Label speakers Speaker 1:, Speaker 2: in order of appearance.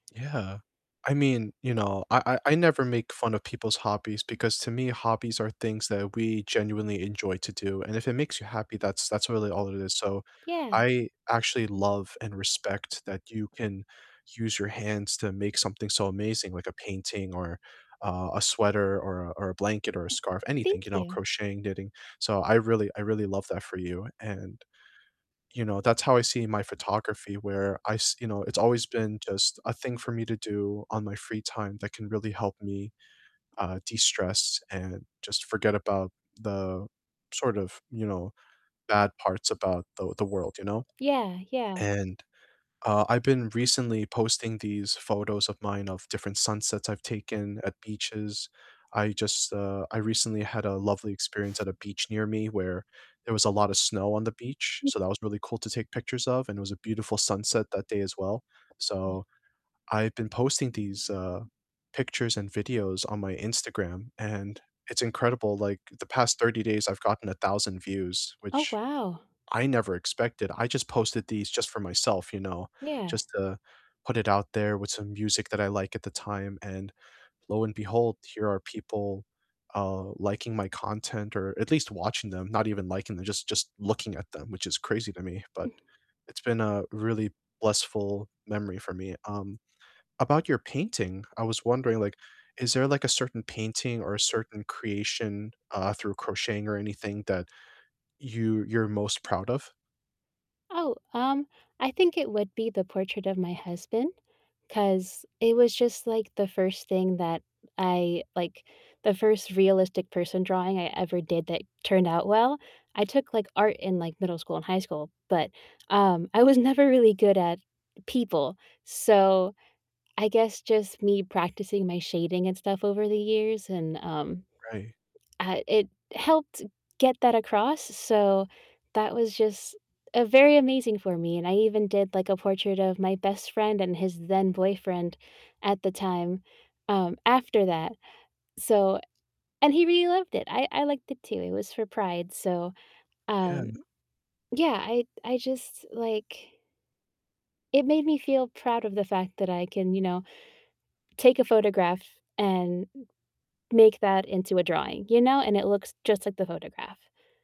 Speaker 1: Yeah, I mean, you know, I I I never make fun of people's hobbies because to me, hobbies are things that we genuinely enjoy to do and if it makes you happy that's that's really all it is so,
Speaker 2: Yeah.
Speaker 1: I actually love and respect that you can use your hands to make something so amazing, like a painting or, uh, a sweater or a or a blanket or a scarf, anything,
Speaker 2: Thank
Speaker 1: you know,
Speaker 2: you.
Speaker 1: crocheting, knitting. So, I really I really love that for you and, you know, that's how I see my photography, where I s you know, it's always been just a thing for me to do on my free time that can really help me, uh, de-stress and just forget about the sort of, you know, bad parts about the the world, you know?
Speaker 2: Yeah, yeah.
Speaker 1: And, uh, I've been recently posting these photos of mine of different sunsets I've taken at beaches. I just, uh, I recently had a lovely experience at a beach near me where there was a lot of snow on the beach, so that was really cool to take pictures of, and it was a beautiful sunset that day as well.
Speaker 2: Uh
Speaker 1: So, I've been posting these, uh, pictures and videos on my Instagram, and it's incredible, like, the past 30 days I've gotten 1,000 views,
Speaker 2: Oh,
Speaker 1: which
Speaker 2: wow.
Speaker 1: I never expected. I just posted these just for myself, you know,
Speaker 2: Yeah.
Speaker 1: just to put it out there with some music that I like at the time, and lo and behold, here are people, uh, liking my content or at least watching them, not even liking them, just just looking at them, which is crazy to me. But it's been a really blissful memory for me. Um, about your painting, I was wondering, like, is there, like, a certain painting or a certain creation, uh, through crocheting or anything that you you're most proud of?
Speaker 2: Oh, um, I think it would be the portrait of my husband, 'cause it was just, like, the first thing that I like, the first realistic person drawing I ever did that turned out well. I took, like, art in, like, middle school and high school, but, um, I was never really good at people. So, I guess just me practicing my shading and stuff over the years and, um,
Speaker 1: Ri
Speaker 2: uh, it helped get that across, s so that was just, uh, very amazing for me, and I even did, like, a portrait of my best friend and his then boyfriend at the time, um, after that. So and he really loved it, I I liked it too, it was for Pride, so,
Speaker 1: Yeah.
Speaker 2: um, yeah, I I just, like it made me feel proud of the fact that I can, you know, take a photograph and m make that into a drawing, you know? And it looks just like the photograph.